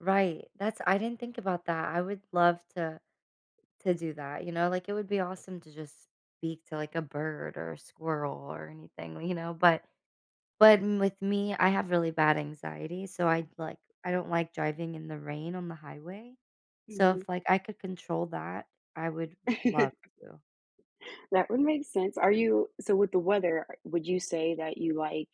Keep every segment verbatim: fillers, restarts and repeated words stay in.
Right, that's I didn't think about that. I would love to to do that, you know, like it would be awesome to just speak to like a bird or a squirrel or anything, you know? But but m with me, I have really bad anxiety, so, I'd like, I don't like driving in the rain on the highway. So, Mhm. if like I could control that, I would love to. That would make sense. Are you so with the weather, are would you say that you like,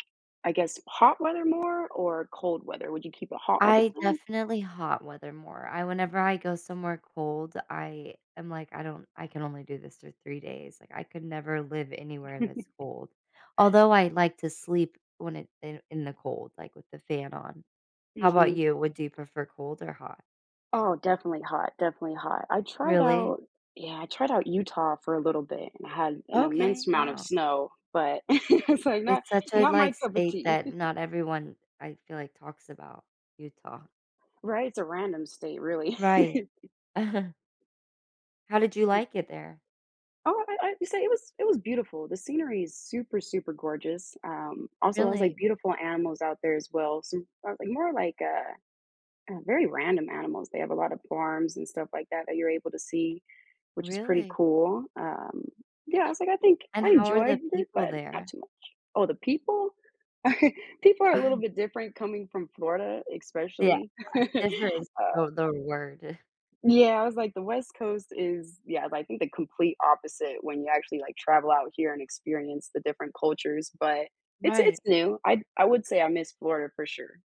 I guess, hot weather more or cold weather? Would you keep it hot all the I time? definitely hot weather more. I whenever I go somewhere cold, I am like, I don't, I can only do this for three days, like, I could never live anywhere that's cold. Although I like to sleep when it in the in the cold, like with the fan on. How about Mhm. you? Would you prefer cold or hot? Oh, definitely hot, definitely hot. I tried Really? out Yeah, I tried out Utah for a little bit and had an Okay. immense amount of Wow. snow, but it's like not It's such a not my like cup of state tea. that not everyone, I feel like, talks about- Utah. Right, it's a random state really. Right. How did you And like it there? Oh, I I'd say it was it was beautiful; the scenery is super, super gorgeous. Um, also, I was like Really? beautiful animals out there as well. So more like more like a, uh, very random animals. They have a lot of farms and stuff like that, that you're able to see, which is pretty Really? cool. Um, yeah, I was like, I think And I how are the enjoyed it, people but not there? too much. Oh, the people? People are a little bit different coming from Florida, Yeah. especially. Uh, difference Uh the their word. Yeah, I was like the West Coast is, yeah, I think the complete opposite when you actually like travel out here and experience the different cultures, but it's it's Right. new. I'd I would say I miss Florida for sure.